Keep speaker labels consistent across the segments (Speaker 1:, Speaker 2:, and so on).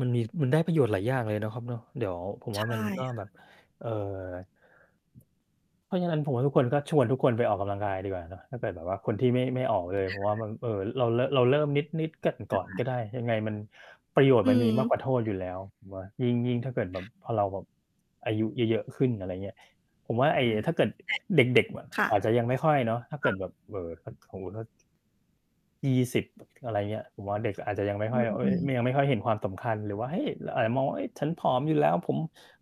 Speaker 1: มันมี มันได้ประโยชน์หลายอย่างเลยนะครับเนาะ เดี๋ยวผม
Speaker 2: ใช
Speaker 1: ว่
Speaker 2: ่
Speaker 1: ามันก็
Speaker 2: ค่
Speaker 1: แบ
Speaker 2: ะ
Speaker 1: บ เอ่อ เพราะฉะนั้นผมว่า ทุกคนก็ชวนทุกคนไปออกกำลังกายดีกว่านะ ถ้าเกิดแบบว่าคนที่ไม่ ไม่ออกเลย
Speaker 2: ค
Speaker 1: เพร
Speaker 2: ่
Speaker 1: าะว่า
Speaker 2: ะ
Speaker 1: มัน เอ่อ เรา ร เราเริ่มนิด ๆ กัน
Speaker 2: ใ
Speaker 1: ก
Speaker 2: ช
Speaker 1: ่อน
Speaker 2: ่
Speaker 1: ก็ได้ ยังไงมัน ประโยชน
Speaker 2: อ
Speaker 1: ์
Speaker 2: ื
Speaker 1: มันมีมากกว่
Speaker 2: ม
Speaker 1: าโทษอยู่แล้ว ว ยิ่ง ยิ่งถ้าเกิดแบบพอเราแบบอายุเยอะ ๆ ขึ้น อะไรอย่างเงี้ย ผมว่า ไอ้
Speaker 2: ใช่ [unintelligible]
Speaker 1: ถ้าเกิดเด็ก
Speaker 2: ค่ะ
Speaker 1: ๆ อาจจะยังไม่ค่อยเนาะ ถ้าเ
Speaker 2: ค
Speaker 1: กิ
Speaker 2: ่
Speaker 1: ด
Speaker 2: ะ
Speaker 1: แบบ บ สมมุติว่า 20 อะไรอย่างเงี้ย ผมว่าเด็กอาจจะยังไม่
Speaker 2: อ
Speaker 1: ค
Speaker 2: ื
Speaker 1: ่อย
Speaker 2: อ
Speaker 1: เฮ
Speaker 2: อ
Speaker 1: ้
Speaker 2: ื
Speaker 1: ย
Speaker 2: ม
Speaker 1: ไม่ ยังไม่ค่อยเห็นความสำคัญหรือว่า เฮ้ย เราอาจจะมองว่า เฮ้ย "ฉันผอมอยู่แล้ว" "ผม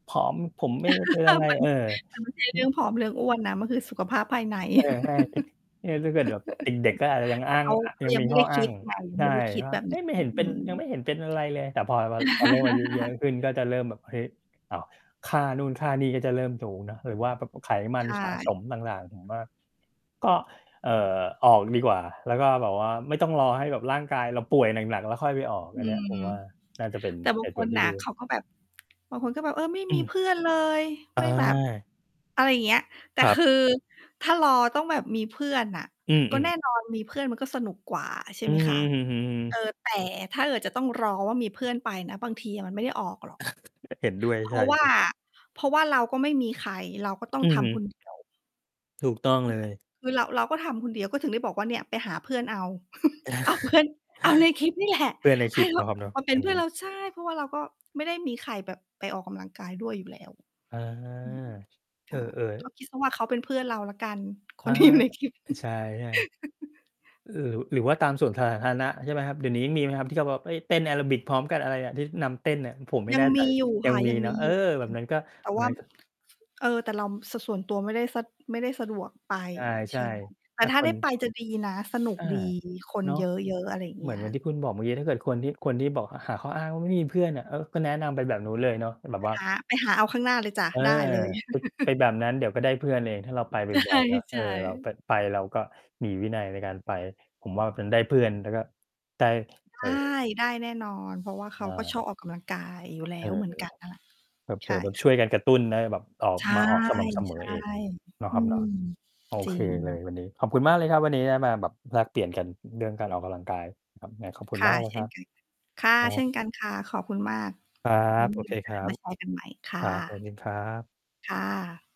Speaker 1: ผอม ผมไม่ได้เป็นอะไร"
Speaker 2: มัน
Speaker 1: เออ
Speaker 2: มันไม่ใช่เรื่องผอมเรื่องอ้วนนะ มันคือสุขภาพภายใน
Speaker 1: ใช่ ๆ เนี่ยถ้าเกิดแบบ เด็ก ๆ ก็อาจจะยัง
Speaker 2: แต
Speaker 1: อ
Speaker 2: ่
Speaker 1: ้า
Speaker 2: เ
Speaker 1: ง
Speaker 2: ขา เข
Speaker 1: อ
Speaker 2: า
Speaker 1: ยัง
Speaker 2: ยัง
Speaker 1: มี
Speaker 2: ไม่
Speaker 1: ข
Speaker 2: ได
Speaker 1: ้อ
Speaker 2: ้
Speaker 1: อ
Speaker 2: ค
Speaker 1: ้า
Speaker 2: ิด
Speaker 1: ง
Speaker 2: ไง ยัง
Speaker 1: ใช
Speaker 2: ไม่
Speaker 1: ่
Speaker 2: ได้คิด
Speaker 1: ว่
Speaker 2: แ
Speaker 1: า
Speaker 2: บบ
Speaker 1: เ
Speaker 2: น
Speaker 1: ฮ
Speaker 2: ี้
Speaker 1: ้ย ไม่เห็น
Speaker 2: อ
Speaker 1: เ
Speaker 2: ื
Speaker 1: ป็น
Speaker 2: ม
Speaker 1: ยังไม่เห็นเป็นอะไรเลย แต่พอเรา เราเริ่มอายุเยอะขึ้น ก็จะเริ่มแบบ เฮ้ย อ ค่านู่นค่านี่ก็จะเริ่มสูงนะ หรือว่า ปรากฎไขมั
Speaker 2: ใช
Speaker 1: นสะ
Speaker 2: ่
Speaker 1: สมต่าง ๆ ผมว่า ก็ เอ่อ ออกดีกว่า แล้วก็แบบว่าไม่ต้องรอให้ร่างกายเราป่วยหนัก ๆ แล้วค่อยไปออก
Speaker 2: อื
Speaker 1: อันเนี้ยผ
Speaker 2: ม
Speaker 1: มว่าน่าจะเป็น
Speaker 2: แต่บ
Speaker 1: เ
Speaker 2: า
Speaker 1: ห
Speaker 2: ง
Speaker 1: ตุ
Speaker 2: ค
Speaker 1: ผล
Speaker 2: น
Speaker 1: ที
Speaker 2: น
Speaker 1: ่
Speaker 2: ่ะ
Speaker 1: ดี
Speaker 2: เขาก็แบบ บางคนก็แบบ "เออ ไม่
Speaker 1: อื
Speaker 2: มี
Speaker 1: ม
Speaker 2: เพื่อนเลย"
Speaker 1: อ
Speaker 2: ไม่แบบ
Speaker 1: ่า
Speaker 2: อะไรอย่างเงี้ย แต่
Speaker 1: ครั
Speaker 2: ค
Speaker 1: บ
Speaker 2: ือ ถ้ารอต้องแบบมีเพื่อนน่ะ
Speaker 1: อ
Speaker 2: ก็
Speaker 1: ื
Speaker 2: แ
Speaker 1: อ
Speaker 2: น่
Speaker 1: ๆ
Speaker 2: นอนมีเพื่อนมันก็สนุกกว่า ใช่
Speaker 1: อื
Speaker 2: ไหม
Speaker 1: อ
Speaker 2: ค
Speaker 1: ฮึ
Speaker 2: ะ
Speaker 1: อือ
Speaker 2: เอ
Speaker 1: ๆ
Speaker 2: อ
Speaker 1: ๆ
Speaker 2: แต่ถ้าเกิดจะต้องรอว่ามีเพื่อนไปนะ บางทีมันไม่ได้ออกหรอก
Speaker 1: เห็นด้วย
Speaker 2: เพร
Speaker 1: ใ
Speaker 2: า
Speaker 1: ช่
Speaker 2: ะว่า เพราะว่าเราก็ไม่มีใคร เราก็ต้อง
Speaker 1: อื
Speaker 2: ท
Speaker 1: อฮ
Speaker 2: ำคน
Speaker 1: ึ
Speaker 2: เดียว
Speaker 1: ถูกต้อง
Speaker 2: ใช
Speaker 1: เล
Speaker 2: ่
Speaker 1: ย
Speaker 2: คือเรา เราก็ทำคนเดียว ก็ถึงได้บอกว่าเนี่ยไปหาเพื่อนเอา เอาเพื่อน เอาในคลิปนี่แหละ
Speaker 1: เพื่อนใน
Speaker 2: ใ
Speaker 1: ค
Speaker 2: ห
Speaker 1: ลิ
Speaker 2: ้
Speaker 1: ป
Speaker 2: เข
Speaker 1: เนา
Speaker 2: า
Speaker 1: ะครับเนาะ
Speaker 2: มาเป็
Speaker 1: อื
Speaker 2: นเพื่อน
Speaker 1: ม
Speaker 2: เรา ใช่ เพราะว่าเราก็ไม่ได้มีใครแบบไปออกกำลังกายด้วยอยู่แล้ว
Speaker 1: อา
Speaker 2: อืม
Speaker 1: เอ
Speaker 2: ค
Speaker 1: อ
Speaker 2: ่ะ ก็
Speaker 1: ๆ
Speaker 2: คิดว่าเขาเป็นเพื่อนเราแล้วกัน ค
Speaker 1: อา
Speaker 2: นที่อยู่ในคลิป
Speaker 1: ใช่ ๆ เอ่อ หรือว่าตามสวนสาธารณะ ใช่ไหมครับ? เดี๋ยวนี้ยังมีไหมครับ ที่เขาบอก เฮ้ย เต้นแอโรบิกพร้อมกันอะไรอะ ที่นำเต้นอะ ผมไม่
Speaker 2: ยั
Speaker 1: แ
Speaker 2: ง
Speaker 1: น่ใ
Speaker 2: ม
Speaker 1: จ
Speaker 2: ีอยู่
Speaker 1: ยั
Speaker 2: ค่
Speaker 1: ง
Speaker 2: ะ
Speaker 1: มี
Speaker 2: ยัง
Speaker 1: เน
Speaker 2: ม
Speaker 1: า
Speaker 2: ี
Speaker 1: ะ เอ
Speaker 2: อ
Speaker 1: อ
Speaker 2: ยู่
Speaker 1: แบบนั้นก็
Speaker 2: แต่
Speaker 1: แบ
Speaker 2: ว
Speaker 1: บ
Speaker 2: ่า
Speaker 1: นั้นก็
Speaker 2: เออ แต่เรา ส ส่วนตัวไม่ได้ ส ไม่ได้สะดวกไป
Speaker 1: ใ
Speaker 2: ใ
Speaker 1: ช
Speaker 2: ช
Speaker 1: ่
Speaker 2: ่ไหม แต
Speaker 1: ๆ ถ
Speaker 2: ่
Speaker 1: ้า
Speaker 2: ถ้า
Speaker 1: ค
Speaker 2: ได้ไ
Speaker 1: น
Speaker 2: ปจะดีนะ สนุก
Speaker 1: อา
Speaker 2: ดีคน
Speaker 1: เนาะ
Speaker 2: เยอะ ๆ อะไรอย่าง
Speaker 1: เ
Speaker 2: เง
Speaker 1: หม
Speaker 2: ี
Speaker 1: ือ
Speaker 2: ้
Speaker 1: น เ
Speaker 2: ย
Speaker 1: หมือนที่คุณบอกเมื่อกี้ ถ้าเกิดคนที่ คนที่บอก หาข้ออ้างว่าไม่มีเพื่อนอะ เออ ก็แนะนำไปแบบนู้นเลยเนาะ เป็นแบ
Speaker 2: ไป
Speaker 1: บว่า
Speaker 2: หา ไปหาเอาข้างหน้าเลยจ้ะ
Speaker 1: เออ
Speaker 2: ได้เลย
Speaker 1: ป เป็นแบบนั้นเดี๋ยวก็ได้เพื่อนเอง ถ้าเราไป
Speaker 2: ใช
Speaker 1: บ่อ
Speaker 2: ่
Speaker 1: ย ๆ เนาะ
Speaker 2: ใ
Speaker 1: เ
Speaker 2: ช
Speaker 1: ออ เรา
Speaker 2: ่
Speaker 1: ก็ไป เราก็มีวินัยในการไป ผมว่าเป็นได้เพื่อน แล้วก็ได้
Speaker 2: ได
Speaker 1: เอ่อ
Speaker 2: ้ ได้แน่นอน เพราะว่าเข
Speaker 1: อ
Speaker 2: าก็ช
Speaker 1: า
Speaker 2: อบออกกำลังกายอยู่แล
Speaker 1: เอ
Speaker 2: ้
Speaker 1: ่
Speaker 2: วเหมือน
Speaker 1: อ
Speaker 2: กันนั้นแหละ
Speaker 1: เผ
Speaker 2: ใช
Speaker 1: ล
Speaker 2: ่
Speaker 1: อ ๆ แบบ
Speaker 2: ค
Speaker 1: ช
Speaker 2: ่ะ
Speaker 1: ่วยกันกระตุ้นจะได้แบบออก
Speaker 2: ใช่
Speaker 1: มาออกสม่ำเสม
Speaker 2: ใช
Speaker 1: อ
Speaker 2: ่
Speaker 1: เองเนาะ
Speaker 2: อื
Speaker 1: ครับเนา
Speaker 2: ม
Speaker 1: ะ โอ
Speaker 2: จร
Speaker 1: เ
Speaker 2: ิ
Speaker 1: คเลย
Speaker 2: ง
Speaker 1: วันนี้ ขอบคุณมากเลยครับวันนี้ได้มาแบบแลกเปลี่ยนกันเรื่องการออกกำลังกาย [unintelligible] ขอบคุ
Speaker 2: ค
Speaker 1: ณ
Speaker 2: ่
Speaker 1: มา
Speaker 2: ะ
Speaker 1: กเล
Speaker 2: เ
Speaker 1: ย
Speaker 2: ช่
Speaker 1: คร
Speaker 2: น
Speaker 1: ับ
Speaker 2: กันค่ะ ค่ะ
Speaker 1: ครั
Speaker 2: เช่น
Speaker 1: บ
Speaker 2: กันค่ะ ขอบคุณมาก
Speaker 1: ครั
Speaker 2: ไว้
Speaker 1: บ โ
Speaker 2: ม
Speaker 1: อ
Speaker 2: ี
Speaker 1: เ
Speaker 2: โ
Speaker 1: ค
Speaker 2: อก
Speaker 1: ค
Speaker 2: า
Speaker 1: ร
Speaker 2: ส
Speaker 1: ั
Speaker 2: ม
Speaker 1: บ
Speaker 2: าแชร์กันใหม่ ค่
Speaker 1: ครับ สว
Speaker 2: ะ
Speaker 1: ัสดีครับ
Speaker 2: ค่ะ